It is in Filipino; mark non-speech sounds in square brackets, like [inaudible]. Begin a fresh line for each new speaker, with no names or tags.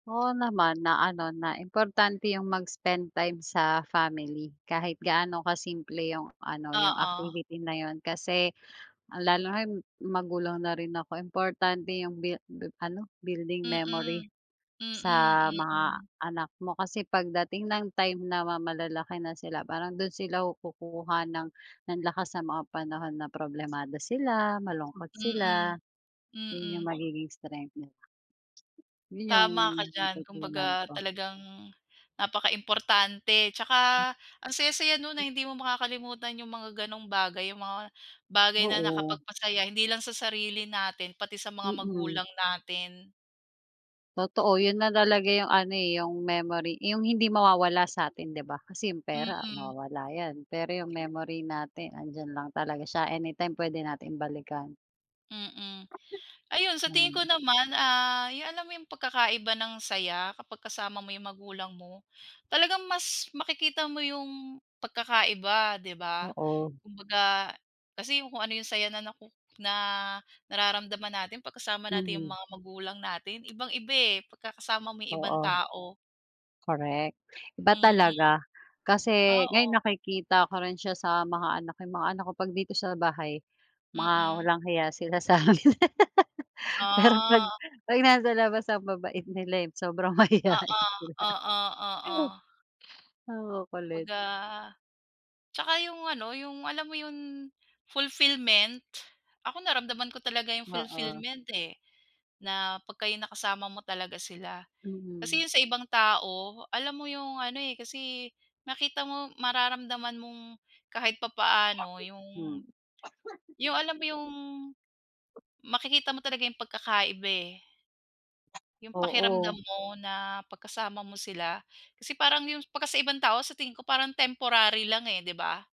Oo naman! Na ano na importante yung mag-spend time sa family. Kahit gaano ka-simple yung ano yung
Oo.
activity na yun. Kasi lalo ngayon magulang na rin ako, importante yung bi bi ano? building memory
Mm. Mm,
sa mga
mm.
anak mo. Kasi pagdating ng time na ma malalaki na sila, parang dun sila kukuha ng ng lakas sa mga panahon na problemado sila, malungkot sila.
Mm,
'Yon yung
mm.
magiging strength nila. 'Yon yung
Tama ka diyan!
natutunan
Kumbaga
ko.
talagang napaka-importante. Tsaka ang saya-saya nun na hindi mo makakalimutan yung mga ganong bagay, yung mga bagay na
Oo.
nakapagpasaya hindi lang sa sarili natin, pati sa mga
Mm.
magulang natin.
Totoo ,yun na talaga yung ano eh, yung memory yung hindi mawawala sa atin, 'di ba? Kasi yung pera
Mm.
mawawala yan. Pero yung memory natin 'andiyan lang talaga siya anytime pwede nating balikan.
Mm. Ayun sa tingin ko
Ganun.
naman ah, yung alam mo yung pagkakaiba ng saya? Kapag kasama mo yung magulang mo? Talagang mas makikita mo yung pagkakaiba, 'di ba?
Oo.
Kumbaga kasi kung ano yung saya na naku na nararamdaman natin 'pag kasama natin yung
Mhm.
mga magulang natin ibang-iba eh pagkakasama mo yung ibang
Oo.
tao.
Correct. Iba
Mm,
talaga. Kasi ngayon
oo.
nakikita ko rin siya sa mga anak eh, yung mga anak ko pag dito sa bahay mga
Mm.
walang hiya sila sa'min [laughs] pero 'pag
Ah.
'pag nasa labas ang mabait nila eh, sobrang mahiyain sila.
Oo, oo, oo.
Ang kukulit.
Kumbaga tsaka yung ano, yung alam mo yung fulfillment? Ako naramdaman ko talaga yung
Oo.
fulfillment eh, na 'pag kayo nakasama mo talaga sila. Kasi
Mm.
yun sa ibang tao, alam mo yung ano eh, kasi nakita mo mararamdaman mong kahit papaano yung
Mm.
yung alam mo yung makikita mo talaga yung pagkakaiba eh, yung pakiramdam
Oo.
mo na 'pag kasama mo sila? Kasi parang yung 'pag sa ibang tao sa tingin ko parang temporary lang eh 'di ba?